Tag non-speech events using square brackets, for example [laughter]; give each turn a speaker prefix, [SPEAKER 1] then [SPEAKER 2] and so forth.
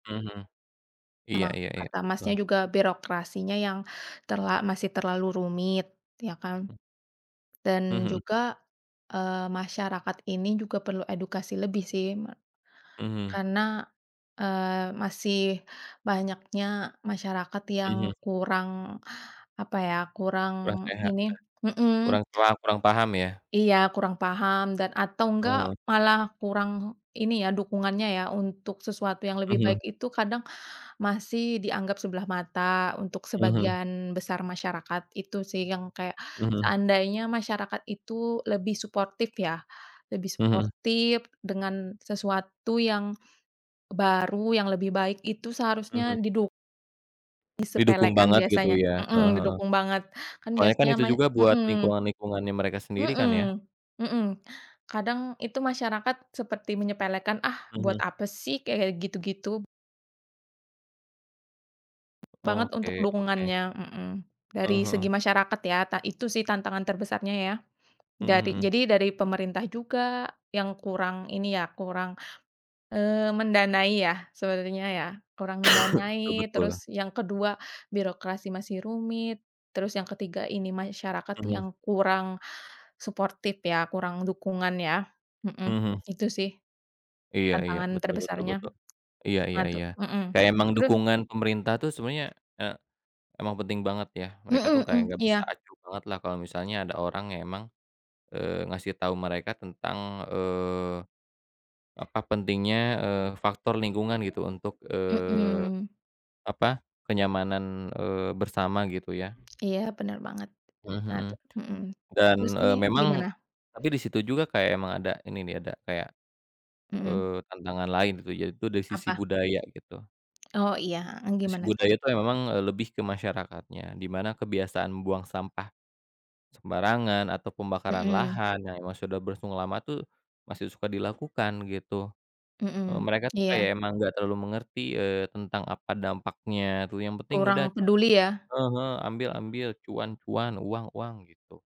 [SPEAKER 1] Mhm. Iya
[SPEAKER 2] Sama
[SPEAKER 1] iya iya,
[SPEAKER 2] kata Masnya
[SPEAKER 1] betul.
[SPEAKER 2] juga, birokrasinya yang terla masih terlalu rumit. Ya kan?
[SPEAKER 1] Mmm. Mmm,
[SPEAKER 2] Dan
[SPEAKER 1] mhm.
[SPEAKER 2] juga, eee, masyarakat ini juga perlu edukasi lebih, sih. Me
[SPEAKER 1] Mhm.
[SPEAKER 2] karena, eee, masih banyaknya masyarakat yang
[SPEAKER 1] Mhm.
[SPEAKER 2] kurang, apa ya,
[SPEAKER 1] Kurang
[SPEAKER 2] kurang
[SPEAKER 1] sehat, ya.
[SPEAKER 2] ini mhm.
[SPEAKER 1] Kurang paha kurang paham, ya?
[SPEAKER 2] Iya. Kurang paham dan atau enggak,
[SPEAKER 1] Mhm.
[SPEAKER 2] malah kurang ini, ya, dukungannya ya. Untuk sesuatu yang lebih baik
[SPEAKER 1] Mhm.
[SPEAKER 2] itu kadang, masih dianggap sebelah mata, untuk
[SPEAKER 1] Mhm.
[SPEAKER 2] sebagian besar masyarakat. Itu sih, yang kayak,
[SPEAKER 1] Mhm.
[SPEAKER 2] seandainya masyarakat itu lebih suportif ya. Lebih
[SPEAKER 1] Mhm.
[SPEAKER 2] suportif dengan sesuatu yang baru, yang lebih baik itu
[SPEAKER 1] Mhm.
[SPEAKER 2] seharusnya diduk
[SPEAKER 1] Didukung
[SPEAKER 2] disepelekan
[SPEAKER 1] banget gitu
[SPEAKER 2] biasanya.
[SPEAKER 1] ya. Heeh
[SPEAKER 2] Mhm.
[SPEAKER 1] heeh.
[SPEAKER 2] Didukung banget, kan
[SPEAKER 1] Soalnya kan
[SPEAKER 2] biasanya
[SPEAKER 1] itu
[SPEAKER 2] mas
[SPEAKER 1] juga buat
[SPEAKER 2] mhm.
[SPEAKER 1] lingkungan-lingkungannya mereka sendiri kan, ya.
[SPEAKER 2] Mhm, mhm. Kadang, itu masyarakat seperti menyepelekan, ah buat
[SPEAKER 1] Mhm.
[SPEAKER 2] apa sih? Kayak gitu-gitu. Banget
[SPEAKER 1] Oke
[SPEAKER 2] untuk
[SPEAKER 1] oke.
[SPEAKER 2] dukungannya, mhm. Dari
[SPEAKER 1] Heeh
[SPEAKER 2] segi
[SPEAKER 1] heeh.
[SPEAKER 2] masyarakat, ya, ta itu sih, tantangan terbesarnya, ya.
[SPEAKER 1] Mhm
[SPEAKER 2] Dari
[SPEAKER 1] mhm.
[SPEAKER 2] jadi dari pemerintah juga, yang kurang ini ya, kurang, eee, mendanai ya, sebenarnya ya. Kurang
[SPEAKER 1] [coughs] Betul
[SPEAKER 2] mendanai,
[SPEAKER 1] betul.
[SPEAKER 2] terus yang ke-2, birokrasi masih rumit, terus yang ke-3, ini masyarakat
[SPEAKER 1] Mhm.
[SPEAKER 2] yang kurang suportif ya, kurang dukungan ya. Mhm.
[SPEAKER 1] Mhm mhm.
[SPEAKER 2] Itu sih,
[SPEAKER 1] Iya iya.
[SPEAKER 2] tantangan
[SPEAKER 1] Betul betul
[SPEAKER 2] terbesarnya.
[SPEAKER 1] betul. Iya
[SPEAKER 2] Nah
[SPEAKER 1] iya
[SPEAKER 2] itu
[SPEAKER 1] iya.
[SPEAKER 2] mhm.
[SPEAKER 1] Kayak emang
[SPEAKER 2] Terus
[SPEAKER 1] dukungan pemerintah tuh, sebenernya, eee, emang penting banget, ya. Mereka tuh,
[SPEAKER 2] Mhm
[SPEAKER 1] kayak
[SPEAKER 2] mhm.
[SPEAKER 1] nggak bisa
[SPEAKER 2] Iya.
[SPEAKER 1] acuh banget lah kalo misalnya ada orang yang emang, eee, ngasih tau mereka tentang, eee, apa pentingnya, eee, faktor lingkungan, gitu untuk, eee,
[SPEAKER 2] Mhm.
[SPEAKER 1] apa, kenyamanan, eee, bersama, gitu ya.
[SPEAKER 2] Iya. Bener banget.
[SPEAKER 1] Mmm,
[SPEAKER 2] Nah
[SPEAKER 1] mhm.
[SPEAKER 2] itu mhm.
[SPEAKER 1] Dan,
[SPEAKER 2] Terus ini,
[SPEAKER 1] eee, memang
[SPEAKER 2] gimana?
[SPEAKER 1] tapi di situ juga kayak emang ada, ini nih. Ada kayak,
[SPEAKER 2] Mhm.
[SPEAKER 1] eee, tantangan lain, gitu, yaitu dari sisi
[SPEAKER 2] Apa?
[SPEAKER 1] budaya, gitu.
[SPEAKER 2] Oh, iya. Heeh.
[SPEAKER 1] Sisi
[SPEAKER 2] Gimana tuh?
[SPEAKER 1] budaya itu memang, eee, lebih ke masyarakatnya, di mana kebiasaan membuang sampah sembarangan, atau pembakaran
[SPEAKER 2] Mhm.
[SPEAKER 1] lahan, yang emang sudah berlangsung lama tuh, masih suka dilakukan, gitu. Eee,
[SPEAKER 2] Mhm.
[SPEAKER 1] Mereka tuh kayak
[SPEAKER 2] Iya.
[SPEAKER 1] emang nggak terlalu mengerti, eee, tentang apa dampaknya tuh. Yang penting udah
[SPEAKER 2] Kurang peduli, ya?
[SPEAKER 1] heeh heeh, ambil ambil, cuan cuan, uang uang. Gitu.